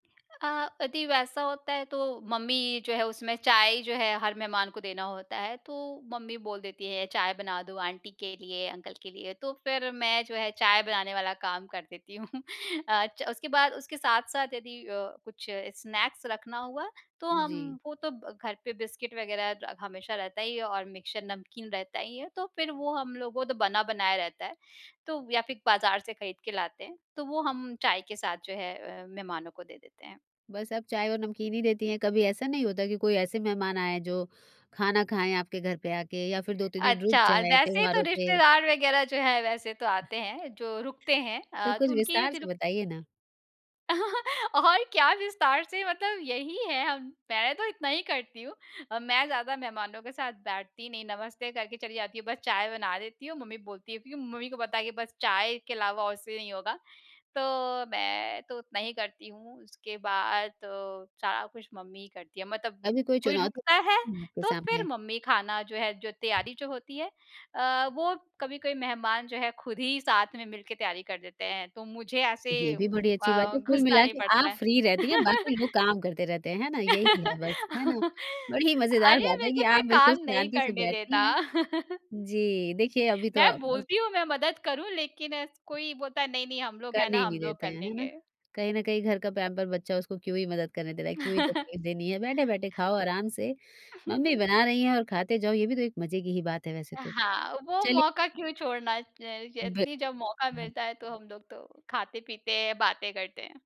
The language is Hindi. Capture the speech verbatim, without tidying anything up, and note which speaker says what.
Speaker 1: अ, अदि वैसा होता है तो मम्मी जो है उसमें चाय जो है हर मेहमान को देना होता है, तो मम्मी बोल देती हैं चाय बना दो आंटी के लिए, अंकल के लिए। तो फिर मैं जो है चाय बनाने वाला काम कर देती हूँ। अ, च उसके बाद उसके साथ-साथ यदि अ, कुछ स्नैक्स रखना हुआ तो
Speaker 2: जी।
Speaker 1: हम वो तो घर पे बिस्किट वग़ैरह हमेशा रहता ही है और मिक्सचर नमकीन रहता ही है, तो फिर वो हम लोगों वो तो बना बनाया रहता है। तो या फिर बाज़ार से खरीद के लाते हैं। तो वो हम चाय के साथ जो है अ, मेहमानों को दे देते हैं।
Speaker 2: बस आप चाय और नमकीन ही देती हैं, कभी ऐसा नहीं होता कि कोई ऐसे मेहमान आएँ जो खाना खाएँ आपके घर पे आके या फिर दो तीन दिन रुक
Speaker 1: अच्छा,
Speaker 2: जाएँ
Speaker 1: वैसे तो
Speaker 2: त्यौहारों पे?
Speaker 1: रिश्तेदार वग़ैरह जो हैं वैसे तो आते हैं, जो रुकते हैं
Speaker 2: तो
Speaker 1: अ,
Speaker 2: कुछ
Speaker 1: तो उनकी
Speaker 2: विस्तार
Speaker 1: यदि
Speaker 2: से
Speaker 1: रुक
Speaker 2: बताइए ना।
Speaker 1: और क्या विस्तार से मतलब यही है हम मैं तो इतना ही करती हूँ। मैं ज़्यादा मेहमानों के साथ बैठती नहीं, नमस्ते करके चली जाती हूँ, बस चाय बना देती हूँ। मम्मी बोलती है क्योंकि मम्मी को पता है बस चाय के अलावा और उससे नहीं होगा, तो मैं तो उतना ही करती हूँ। उसके बाद तो सारा कुछ मम्मी ही करती है। मतलब
Speaker 2: अभी कोई
Speaker 1: कोई
Speaker 2: चुनौती
Speaker 1: रुकता है
Speaker 2: है आपके
Speaker 1: तो फिर
Speaker 2: सामने?
Speaker 1: मम्मी खाना जो है, जो तैयारी जो होती है अ, वो कभी-कभी मेहमान जो हैं खुद ही साथ में मिलके तैयारी कर देते हैं। तो मुझे ऐसे
Speaker 2: ये भी बड़ी अच्छी बात
Speaker 1: अ,
Speaker 2: है। कुल
Speaker 1: घुसना
Speaker 2: मिला
Speaker 1: नहीं
Speaker 2: के
Speaker 1: पड़ता
Speaker 2: आप
Speaker 1: है।
Speaker 2: फ्री रहती हैं बाकी लोग काम करते रहते हैं, है ना? यही है बस, है ना? बड़ी ही मज़ेदार
Speaker 1: अरे!
Speaker 2: बात
Speaker 1: मेरे
Speaker 2: है
Speaker 1: को
Speaker 2: कि
Speaker 1: कोई
Speaker 2: आप बिल्कुल
Speaker 1: काम नहीं
Speaker 2: शांति से
Speaker 1: करने देता।
Speaker 2: बैठती हैं। जी। देखिए अभी तो
Speaker 1: मैं
Speaker 2: आप
Speaker 1: बोलती हूँ मैं मदद करूँ, लेकिन कोई बोलता है नहीं-नहीं, हम लोग हैं
Speaker 2: करने
Speaker 1: ना,
Speaker 2: ही
Speaker 1: हम
Speaker 2: नहीं
Speaker 1: लोग
Speaker 2: देते
Speaker 1: कर
Speaker 2: हैं, है ना?
Speaker 1: लेंगे।
Speaker 2: कहीं न कहीं घर का पैंपर बच्चा, उसको क्यों ही मदद करने दे रहा है, क्यों ही तकलीफ़ देनी है बैठे-बैठे खाओ आराम से मम्मी बना रही हैं और खाते जाओ, ये भी तो एक मज़े की ही बात है वैसे तो।
Speaker 1: हाँ, वो
Speaker 2: चलिए
Speaker 1: मौका क्यों छोड़ना ज य कि
Speaker 2: बिल्कु
Speaker 1: जब मौका
Speaker 2: हाँ।
Speaker 1: मिलता है तो हम लोग तो खाते-पीते हैं, बातें करते हैं।